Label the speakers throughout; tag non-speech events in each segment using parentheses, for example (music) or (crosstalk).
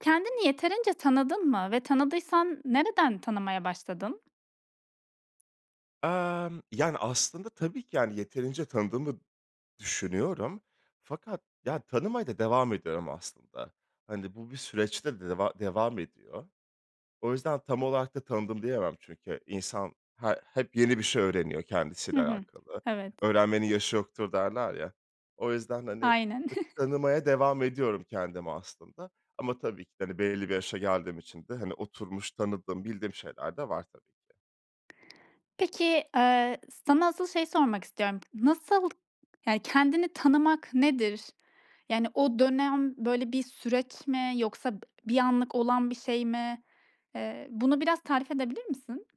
Speaker 1: Kendini yeterince tanıdın mı ve tanıdıysan nereden tanımaya başladın?
Speaker 2: Emm, yani, aslında tabii ki, yani, yeterince tanıdığımı düşünüyorum. Fakat, ya, tanımaya da devam ediyorum aslında. Hani, bu bir süreçte deva devam ediyor. O yüzden tam olarak da tanıdım, diyemem. Çünkü İnsan, ha hep yeni bir şey öğreniyor
Speaker 1: Hı
Speaker 2: kendisiyle
Speaker 1: hı,
Speaker 2: alakalı.
Speaker 1: evet.
Speaker 2: "Öğrenmenin yaşı yoktur." derler ya; o yüzden, hani,
Speaker 1: Aynen.
Speaker 2: ııı,
Speaker 1: (chuckles)
Speaker 2: tanımaya devam ediyorum kendimi aslında ama tabii ki de, hani, belli bir yaşa geldiğim için de, hani, oturmuş, tanıdığım, bildiğim şeyler de var tabii ki.
Speaker 1: Peki, eee, sana asıl şeyi sormak istiyorum: Nasıl, yani, kendini tanımak nedir? Yani, o dönem, böyle, bir süreç mi yoksa bir anlık olan bir şey mi? Eee, bunu biraz tarif edebilir misin?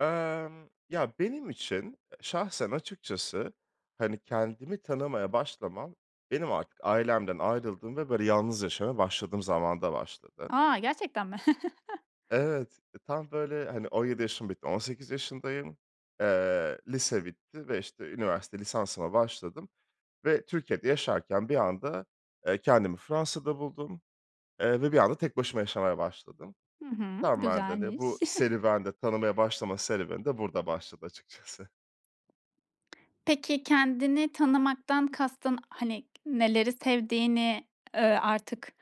Speaker 2: Emm. Ya, benim için, şahsen açıkçası, hani, kendimi tanımaya başlamam benim artık ailemden ayrıldığım ve böyle, yalnız yaşamaya başladığım zamanda başladı.
Speaker 1: A! Gerçekten mi? (chuckles)
Speaker 2: Evet, tam, böyle, hani, 17 yaşım bitti, 18 yaşındayım. Eee, lise bitti ve, işte, üniversite lisansıma başladım ve Türkiye'de yaşarken bir anda, eee, kendimi Fransa'da buldum, eee, ve bir anda tek başıma yaşamaya başladım.
Speaker 1: Hı hı,
Speaker 2: Tamamen de, hani, bu
Speaker 1: güzelmiş. (chuckles)
Speaker 2: serüven de, tanımaya başlama serüveni de burada başladı açıkçası.
Speaker 1: Peki, kendini tanımaktan kastın, hani, neleri sevdiğini, ııı, artık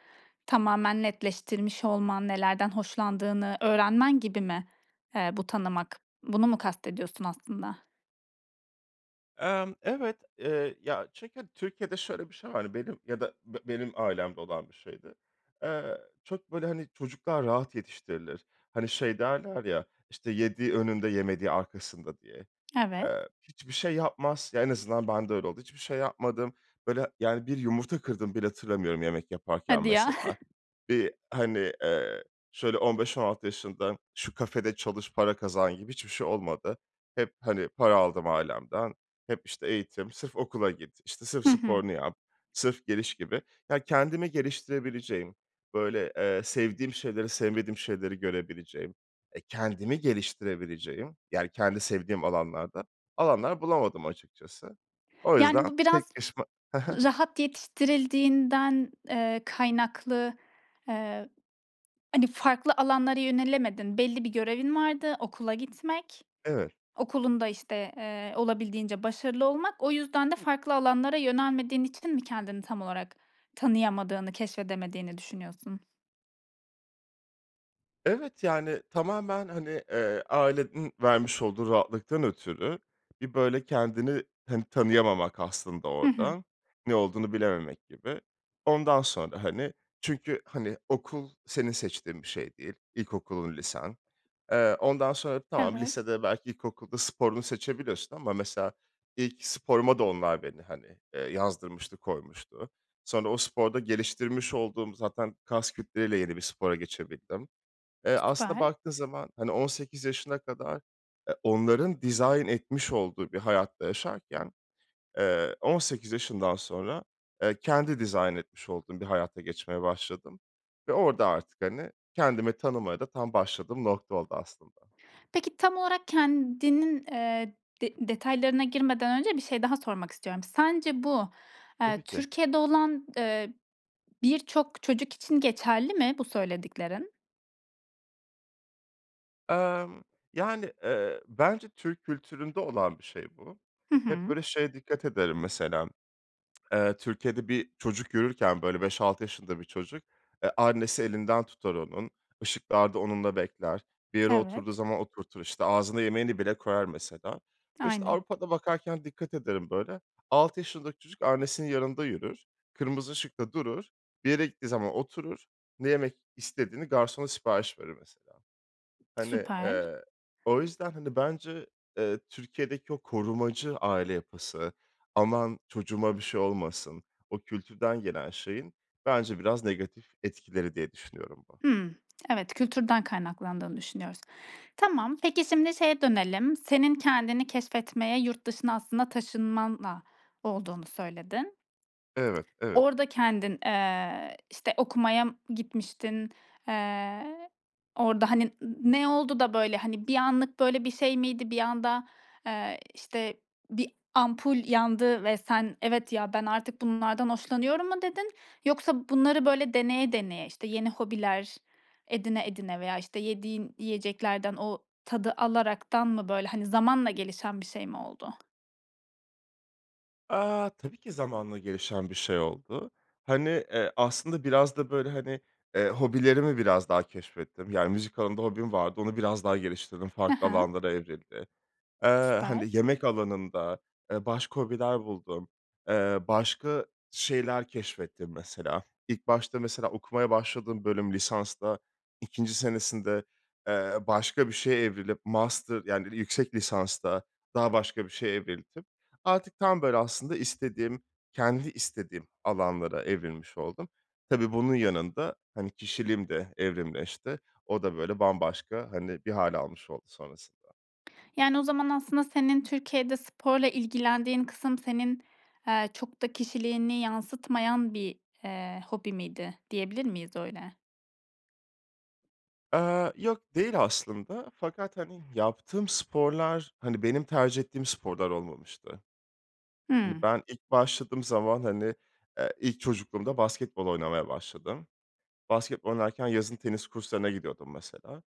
Speaker 1: tamamen netleştirmiş olman, nelerden hoşlandığını öğrenmen gibi mi, eee, bu tanımak? Bunu mu kastediyorsun aslında?
Speaker 2: Emm, evet, eee, ya, çünkü Türkiye'de şöyle bir şey var, benim ya da be benim ailemde olan bir şeydi. Eee, çok, böyle, hani, çocuklar rahat yetiştirilir. Hani, şey derler ya, işte, yediği önünde yemediği arkasında diye.
Speaker 1: Evet.
Speaker 2: Eee, hiçbir şey yapmaz. Ya, en azından bende öyle oldu. Hiçbir şey yapmadım. Böyle, yani, bir yumurta kırdığımı bile hatırlamıyorum yemek yaparken
Speaker 1: Hadi ya.
Speaker 2: mesela.
Speaker 1: (chuckles)
Speaker 2: Bir, hani, eee, şöyle 15-16 yaşından şu kafede çalış, para kazan gibi hiçbir şey olmadı. Hep, hani, para aldım ailemden. Hep, işte, eğitim, sırf okula git, işte, sırf
Speaker 1: Hı hı.
Speaker 2: sporunu yap, sırf geliş gibi. Ya, kendimi geliştirebileceğim, böyle, eee, sevdiğim şeyleri, sevmediğim şeyleri görebileceğim, e, kendimi geliştirebileceğim, yani, kendi sevdiğim alanlarda alanlar bulamadım açıkçası. O
Speaker 1: Yani,
Speaker 2: yüzden
Speaker 1: bu
Speaker 2: tek
Speaker 1: biraz
Speaker 2: başıma Hı hı.
Speaker 1: rahat yetiştirildiğinden, eee, kaynaklı, eee, hani, farklı alanlara yönelemedin. Belli bir görevin vardı. Okula gitmek,
Speaker 2: Evet.
Speaker 1: okulunda, işte, eee, olabildiğince başarılı olmak. O yüzden de farklı alanlara yönelmediğin için mi kendini tam olarak tanıyamadığını, keşfedemediğini düşünüyorsun?
Speaker 2: Evet, yani, tamamen, hani, eee, ailenin vermiş olduğu rahatlıktan ötürü, bir böyle kendini, hani, tanıyamamak aslında
Speaker 1: Hı hı.
Speaker 2: orada. Ne olduğunu bilememek gibi. Ondan sonra, hani, çünkü, hani, okul senin seçtiğin bir şey değil, ilkokulun, lisen. Eee, ondan sonra, tamam,
Speaker 1: Evet.
Speaker 2: lisede belki ilkokulda sporunu seçebiliyorsun ama mesela ilk sporuma da onlar beni, hani, eee, yazdırmıştı, koymuştu. Sonra o sporda geliştirmiş olduğum zaten kas kütleyle yeni bir spora geçebildim. Eee,
Speaker 1: S
Speaker 2: aslında
Speaker 1: süper.
Speaker 2: baktığın zaman, hani 18 yaşına kadar e, onların dizayn etmiş olduğu bir hayatta yaşarken, eee, 18 yaşından sonra, eee, kendi dizayn etmiş olduğum bir hayata geçmeye başladım ve orada artık, hani, kendimi tanımaya da tam başladığım nokta oldu aslında.
Speaker 1: Peki, tam olarak kendinin, eee, de detaylarına girmeden önce bir şey daha sormak istiyorum. Sence bu, eee,
Speaker 2: Tabii ki.
Speaker 1: Türkiye'de olan, eee, birçok çocuk için geçerli mi, bu söylediklerin?
Speaker 2: Emm, yani, eee, bence Türk kültüründe olan bir şey bu.
Speaker 1: Hı
Speaker 2: Hep
Speaker 1: hı.
Speaker 2: böyle şeye dikkat ederim mesela, (tsk) eee, Türkiye'de bir çocuk yürürken, böyle 5- 6 yaşında bir çocuk, eee, annesi elinden tutar onun, ışıklarda onunla bekler, bir yere oturduğu
Speaker 1: Evet.
Speaker 2: zaman oturtur işte, ağzına yemeğini bile koyar mesela. İşte
Speaker 1: Aynen.
Speaker 2: Avrupa'da bakarken dikkat ederim böyle, 6 yaşındaki çocuk annesinin yanında yürür, kırmızı ışıkta durur, bir yere gittiği zaman oturur, ne yemek istediğini garsona sipariş verir mesela. Hani,
Speaker 1: Süper.
Speaker 2: eee, o yüzden, hani, bence, eee, Türkiye'deki o korumacı aile yapısı, aman çocuğuma bir şey olmasın, o kültürden gelen şeyin bence biraz negatif etkileri diye düşünüyorum bu.
Speaker 1: Hıı. Evet, kültürden kaynaklandığını düşünüyoruz. Tamam. Peki, şimdi şeye dönelim, senin kendini keşfetmeye, yurt dışına aslında taşınmanla olduğunu söyledin.
Speaker 2: Evet, evet.
Speaker 1: Orada kendin, eee, işte okumaya m gitmiştin, eee, orada, hani, n ne oldu da böyle hani bir anlık böyle bir şey miydi? Bir anda, eee, işte bir ampul yandı ve sen “Evet, ya ben artık bunlardan hoşlanıyorum." mu dedin yoksa bunları böyle deneye deneye, işte, yeni hobiler, edine edene veya işte yediğin yiyeceklerden o tadı alaraktan mı, böyle, hani zamanla gelişen bir şey mi oldu?
Speaker 2: Aaa. Tabii ki zamanla gelişen bir şey oldu. Hani, eee, aslında biraz da, böyle, hani, eee, hobilerimi biraz daha keşfettim, yani, müzik alanında hobim vardı, onu biraz daha geliştirdim,
Speaker 1: Hı
Speaker 2: farklı
Speaker 1: hı.
Speaker 2: alanlara evrildi. Eee,
Speaker 1: Süper.
Speaker 2: hani, yemek alanında, eee, başka hobiler buldum, eee, başka şeyler keşfettim mesela. İlk başta mesela okumaya başladığım bölüm lisansta, 2'nci senesinde, eee, başka bir şeye evrilip master, yani, yüksek lisansta daha başka bir şeye evrildim. Artık tam, böyle, aslında istediğim, kendi istediğim alanlara evrilmiş oldum. Tabii, bunun yanında, hani, kişiliğim de evrimleşti. O da, böyle, bambaşka, hani, bir hâl almış oldu sonrasında.
Speaker 1: Yani, o zaman aslında senin Türkiye'de sporla ilgilendiğin kısım senin, eee, çok da kişiliğini yansıtmayan bir, eee, hobi miydi, diyebilir miyiz öyle?
Speaker 2: Eee, yok, değil aslında, fakat, hani, yaptığım sporlar, hani, benim tercih ettiğim sporlar olmamıştı. Hani,
Speaker 1: Hımm.
Speaker 2: ben ilk başladığım zaman, hani, eee, ilk çocukluğumda basketbol oynamaya başladım. Basketbol oynarken yazın tenis kurslarına gidiyordum mesela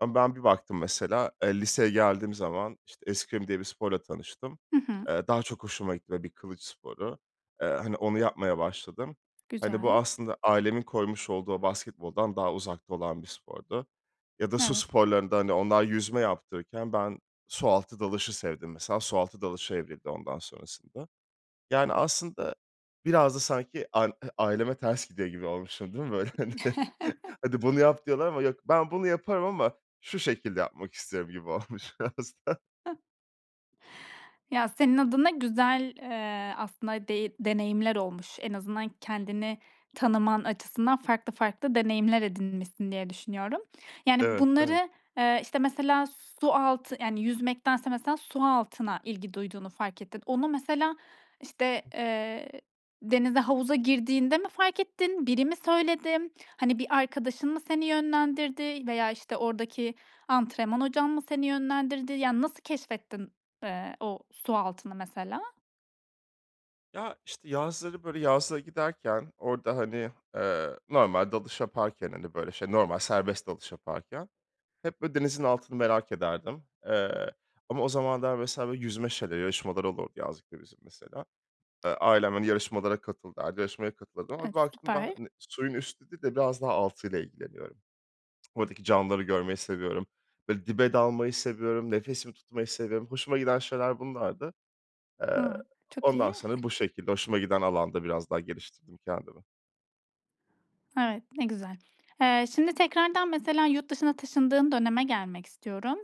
Speaker 2: ama ben bir baktım mesela, eee, liseye geldiğim zaman, işte, eskrim diye bir sporla tanıştım.
Speaker 1: Hı hı.
Speaker 2: Eee, daha çok hoşuma gitti ve bir kılıç sporu. Eee, hani, onu yapmaya başladım. Hani, bu
Speaker 1: Güzel.
Speaker 2: aslında ailemin koymuş olduğu o basketboldan daha uzakta olan bir spordu ya da su
Speaker 1: Evet.
Speaker 2: sporlarında, hani, onlar yüzme yaptırırken ben su altı dalışı sevdim mesela. Su altı dalışa evrildi ondan sonrasında. Yani, aslında biraz da sanki an ııı, aileme ters gidiyor gibi olmuşum değil mi, böyle, hani?
Speaker 1: (chuckles)
Speaker 2: (chuckles) "Hadi, bunu yap!" diyorlar ama yok. "Ben bunu yaparım ama şu şekilde yapmak istiyorum." gibi olmuş biraz da.
Speaker 1: (chuckles) Ya, senin adına güzel, eee, aslında dey deneyimler olmuş. En azından kendini tanıman açısından farklı farklı deneyimler edinmişsin diye düşünüyorum. Yani,
Speaker 2: Evet, evet.
Speaker 1: bunları, eee, işte, mesela su altı, yani, yüzmektense mesela su altına ilgi duyduğunu fark ettin. Onu mesela, işte, eee, denize havuza girdiğinde mi fark ettin, biri mi söyledi? Hani, bir arkadaşın mı seni yönlendirdi veya, işte, oradaki antrenman hocan mı seni yönlendirdi? Yani, nasıl keşfettin, eee, o su altını mesela?
Speaker 2: Ya, işte yazları böyle yazlığa giderken, orada, hani, eee, normal dalış yaparken, hani, böyle şey, normal serbest dalış yaparken hep böyle denizin altını merak ederdim. Eee, ama o zamanlar mesela böyle yüzme şeyleri yarışmaları olurdu, yazlıkta bizim mesela. Eee, ailem, hani, yarışmalara katıl derdi, yarışmaya katılırdım ama
Speaker 1: E,
Speaker 2: bir baktım
Speaker 1: süper.
Speaker 2: ben suyun üstü değil de biraz daha altıyla ilgileniyorum. Oradaki canlıları görmeyi seviyorum. Böyle dibe dalmayı seviyorum, nefesimi tutmayı seviyorum. Hoşuma giden şeyler bunlardı. Eee,
Speaker 1: A, çok
Speaker 2: ondan
Speaker 1: iyi.
Speaker 2: sonra bu şekilde, hoşuma giden alanda biraz daha geliştirdim kendimi.
Speaker 1: Evet, ne güzel. Eee, şimdi tekrardan mesela yurt dışına taşındığın döneme gelmek istiyorum.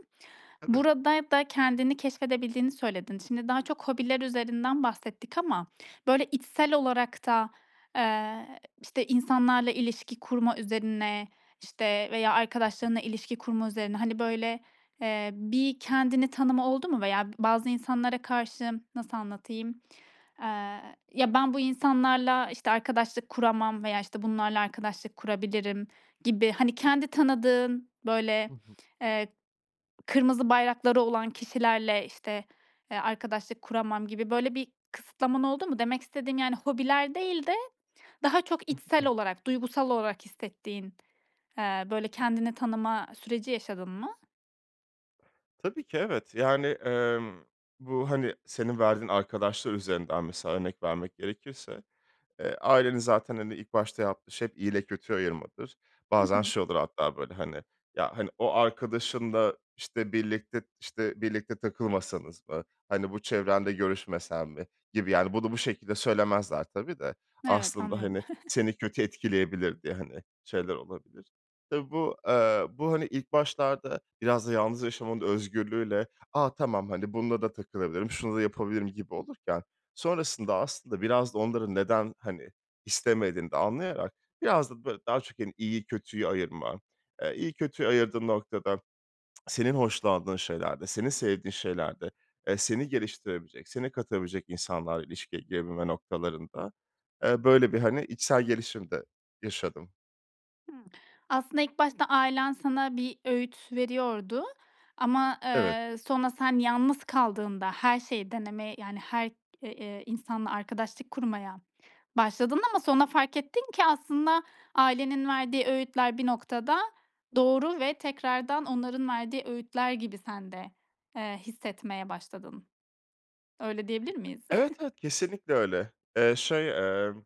Speaker 2: Tabii.
Speaker 1: Burada da kendini keşfedebildiğini söyledin. Şimdi daha çok hobiler üzerinden bahsettik ama böyle içsel olarak da, eee, işte insanlarla ilişki kurma üzerine, işte, veya
Speaker 2: Hı hı.
Speaker 1: arkadaşlarınla ilişki kurma üzerine, hani, böyle, eee, bir kendini tanıma oldu mu? Veya b bazı insanlara karşı nasıl anlatayım, eee, "Ya, ben bu insanlarla işte, eee, arkadaşlık kuramam veya işte bunlarla arkadaşlık kurabilirim." gibi, hani, kendi tanıdığın böyle,
Speaker 2: Hı hı.
Speaker 1: eee, kırmızı bayrakları olan kişilerle işte, eee, arkadaşlık kuramam gibi böyle bir kısıtlaman oldu mu? Demek istediğim, yani, hobiler değil de daha çok içsel
Speaker 2: (unintelligible)
Speaker 1: olarak, duygusal olarak hissettiğin, eee, böyle kendini tanıma süreci yaşadın mı?
Speaker 2: Tabii ki, evet. Yani, emm, bu, hani, senin verdiğin arkadaşlar üzerinden mesela örnek vermek gerekirse, eee, ailenin zaten, hani, ilk başta yaptığı şey iyiyle kötüyü ayırmadır.
Speaker 1: Hı
Speaker 2: Bazen
Speaker 1: hı.
Speaker 2: şey olur hatta böyle hani, ya, hani, o arkadaşınla, işte, birlikte, işte, birlikte takılmasanız mı, hani bu çevrenle görüşmesen mi gibi, yani bunu bu şekilde söylemezler tabii de
Speaker 1: Evet,
Speaker 2: aslında,
Speaker 1: anlıyorum.
Speaker 2: hani,
Speaker 1: (chuckles)
Speaker 2: seni kötü etkileyebilir diye, hani, şeyler olabilir. Tabii bu, eee, bu, hani, ilk başlarda biraz da yalnız yaşamanın özgürlüğüyle, a, tamam hani bununla da takılabilirim, şunu da yapabilirim gibi olurken. Sonrasında aslında biraz da onların neden, hani, istemediğini de anlayarak biraz da böyle daha çok, hani, iyiyi kötüyü ayırma, eee, iyi kötüyü ayırdığın noktada senin hoşlandığın şeylerde, senin sevdiğin şeylerde, eee, seni geliştirebilecek, seni katabilecek insanlarla ilişkiye girebilme noktalarında, eee, böyle bir, hani, içsel gelişim de yaşadım.
Speaker 1: Hımm, aslında ilk başta ailen sana bir öğüt veriyordu ama,
Speaker 2: Evet.
Speaker 1: eee, sonra sen yalnız kaldığında her şeyi deneme, yani her eee, ııı, insanla arkadaşlık kurmaya başladın ama sonra fark ettin ki aslında ailenin verdiği öğütler bir noktada doğru ve tekrardan onların verdiği öğütler gibi sen de, eee, hissetmeye başladın. Öyle diyebilir miyiz?
Speaker 2: Evet, evet kesinlikle öyle. Eee, şey, emm,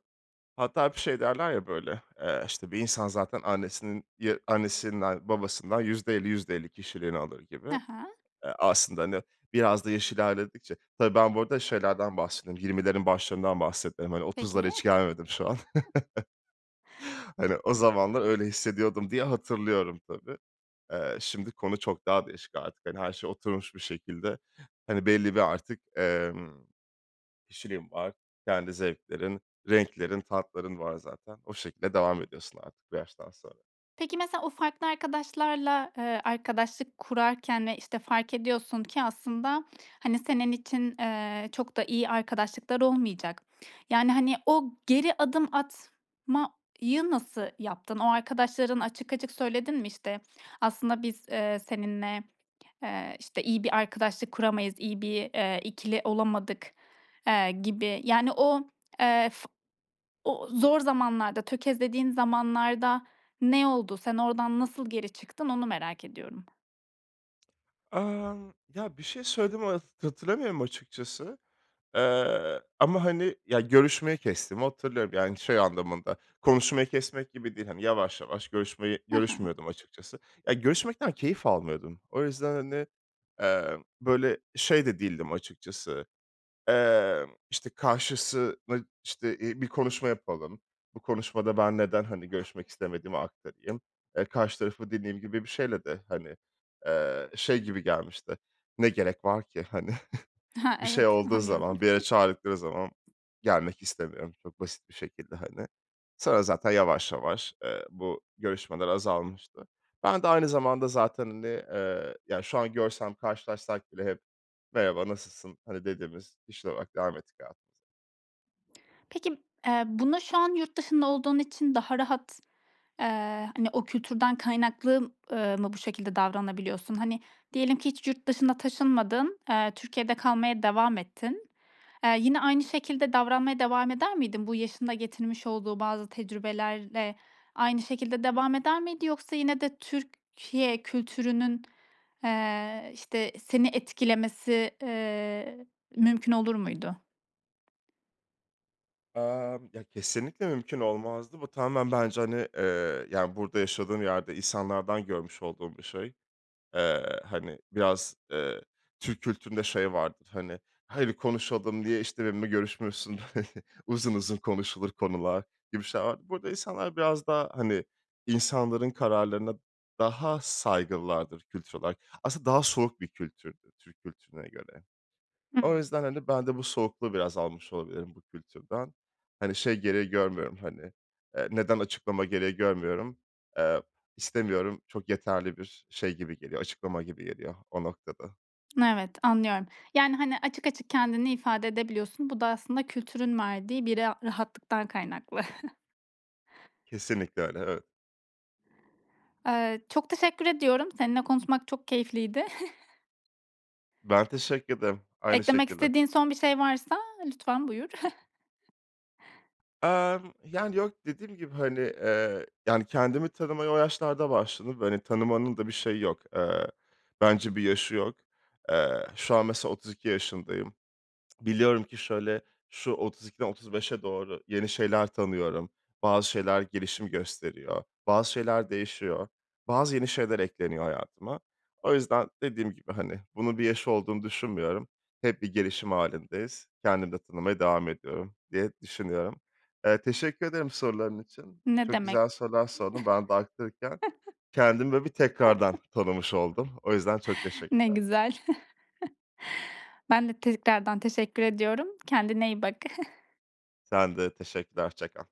Speaker 2: hatta hep şey derler ya böyle, eee, işte bir insan zaten annesinin Ya, annesinden babasından %50-%50 kişiliğini alır gibi.
Speaker 1: Hı hı.
Speaker 2: Eee, aslında, hani, biraz da yaş ilerledikçe Tabii, ben bu arada şeylerden bahsediyorum 20'lerin başlarından bahsettim. Hani 30'lara
Speaker 1: Peki.
Speaker 2: hiç gelmedim şu an.
Speaker 1: (chuckles)
Speaker 2: (chuckles) Hani, o zamanlar öyle hissediyordum, diye hatırlıyorum, tabii. Eee, şimdi konu çok daha değişik artık. Hani, her şey oturmuş bir şekilde. Hani, belli bir artık, emm, kişiliğim var, kendi zevklerin, renklerin, tatların var zaten. O şekilde devam ediyorsun artık bu yaştan sonra.
Speaker 1: Peki mesela o farklı arkadaşlarla, eee, arkadaşlık kurarken ve işte fark ediyorsun ki aslında, hani, senin için, eee, çok da iyi arkadaşlıklar olmayacak. Yani, hani, o geri adım atmayı nasıl yaptın? O arkadaşların açık açık söyledin mi? İşte aslında biz, eee, seninle, eee, işte iyi bir arkadaşlık kuramayız, iyi bir, eee, 2'li olamadık, eee, gibi. Yani o, eee, f o zor zamanlarda, tökezlediğin zamanlarda ne oldu? Sen oradan nasıl geri çıktın, onu merak ediyorum.
Speaker 2: Emm, ya, bir şey söylediğimi hat hatırlamıyorum açıkçası. Eee, ama, hani, ya görüşmeyi kestiğimi hatırlıyorum, yani, şey anlamında, konuşmayı kesmek gibi değil, hani, yavaş, yavaş görüşmeyi
Speaker 1: Hı hı.
Speaker 2: görüşmüyordum açıkçası. Ya, görüşmekten keyif almıyordum. O yüzden, hani, eee, böyle şey de değildim açıkçası. Emm, işte, karşısını, işte, iii, bir konuşma yapalım, bu konuşmada ben neden, hani, görüşmek istemediğimi aktarayım, eee, karşı tarafı dediğim gibi bir şeyle de, hani, eee, şey gibi gelmişti, ne gerek var ki, hani. (chuckles)
Speaker 1: Ha,
Speaker 2: Bir şey
Speaker 1: evet
Speaker 2: olduğu
Speaker 1: anlıyorum.
Speaker 2: zaman, bir yere
Speaker 1: (giggles)
Speaker 2: çağırdıkları zaman gelmek istemiyorum çok basit bir şekilde hani. Sonra zaten yavaş, yavaş, eee, bu görüşmeler azalmıştı. Ben de aynı zamanda zaten, hani, eee, ya, şu an görsem, karşılaşsak bile hep "Merhaba. Nasılsın?" hani, dediğimiz kişiler olarak devam ettik hayatımıza.
Speaker 1: Peki, eee, buna şu an yurt dışında olduğun için daha rahat, eee, hani, o kültürden kaynaklı m ııı, mı bu şekilde davranabiliyorsun? Hani, diyelim ki hiç yurt dışına taşınmadın, eee, Türkiye'de kalmaya devam ettin. Eee, yine aynı şekilde davranmaya devam eder miydin? Bu yaşın da getirmiş olduğu bazı tecrübelerle aynı şekilde devam eder miydi yoksa yine de Türkiye kültürünün, eee, işte, seni etkilemesi, eee, mümkün olur muydu?
Speaker 2: Emm, ya, kesinlikle mümkün olmazdı. Bu tamamen bence, hani, eee, yani, burada yaşadığım yerde insanlardan görmüş olduğum bir şey. Eee, hani, biraz, eee, Türk kültüründe şey vardır, hani, hadi konuşalım diye, işte, benimle görüşmüyorsun, (chuckles) uzun uzun konuşulur konular, gibi şeyler. Burada insanlar biraz daha, hani, insanların kararlarına daha saygılılardır kültür olarak. Aslında daha soğuk bir kültürdür Türk kültürüne göre. O
Speaker 1: Hıı.
Speaker 2: yüzden, hani, ben de bu soğukluğu biraz almış olabilirim bu kültürden. Hani, şey gereği görmüyorum, hani, eee, neden açıklama gereği görmüyorum. Eee, istemiyorum, çok yeterli bir şey gibi geliyor, açıklama gibi geliyor o noktada.
Speaker 1: (smacks lips) Evet, anlıyorum. Yani, hani, açık açık kendini ifade edebiliyorsun. Bu da aslında kültürün verdiği bir ra rahatlıktan kaynaklı. (chuckles)
Speaker 2: Kesinlikle öyle, evet.
Speaker 1: Eee, çok teşekkür ediyorum. Seninle konuşmak çok keyifliydi. (chuckles)
Speaker 2: Ben teşekkür ederim. Aynı
Speaker 1: Eklemek
Speaker 2: şekilde.
Speaker 1: istediğin son bir şey varsa lütfen buyur. (chuckles)
Speaker 2: Emm, yani, yok, dediğim gibi, hani, eee, yani, kendimi tanımaya o yaşlarda başladım ve, hani, tanımanın da bir şeyi yok. Eee, bence bir yaşı yok. Eee, şu an mesela 32 yaşındayım. (tsk) Biliyorum ki şöyle, şu 32'den 35'e doğru yeni şeyler tanıyorum. Bazı şeyler gelişim gösteriyor, bazı şeyler değişiyor, bazı yeni şeyler ekleniyor hayatıma. O yüzden dediğim gibi, hani, bunun bir yaşı olduğunu düşünmüyorum. Hep bir gelişim hâlindeyiz. Kendimi de tanımaya devam ediyorum diye düşünüyorum. Eee, teşekkür ederim soruların için.
Speaker 1: Ne
Speaker 2: Çok
Speaker 1: demek.
Speaker 2: güzel sorular sordun. Ben de aktarırken
Speaker 1: (chuckles)
Speaker 2: kendimi böyle bir tekrardan
Speaker 1: (chuckles)
Speaker 2: tanımış oldum. O yüzden çok
Speaker 1: Ne
Speaker 2: teşekkürler.
Speaker 1: güzel. (chuckles) Ben de tekrardan teşekkür ediyorum. Kendine iyi bak. (chuckles)
Speaker 2: Sen de. Teşekkürler. Hoşça kal.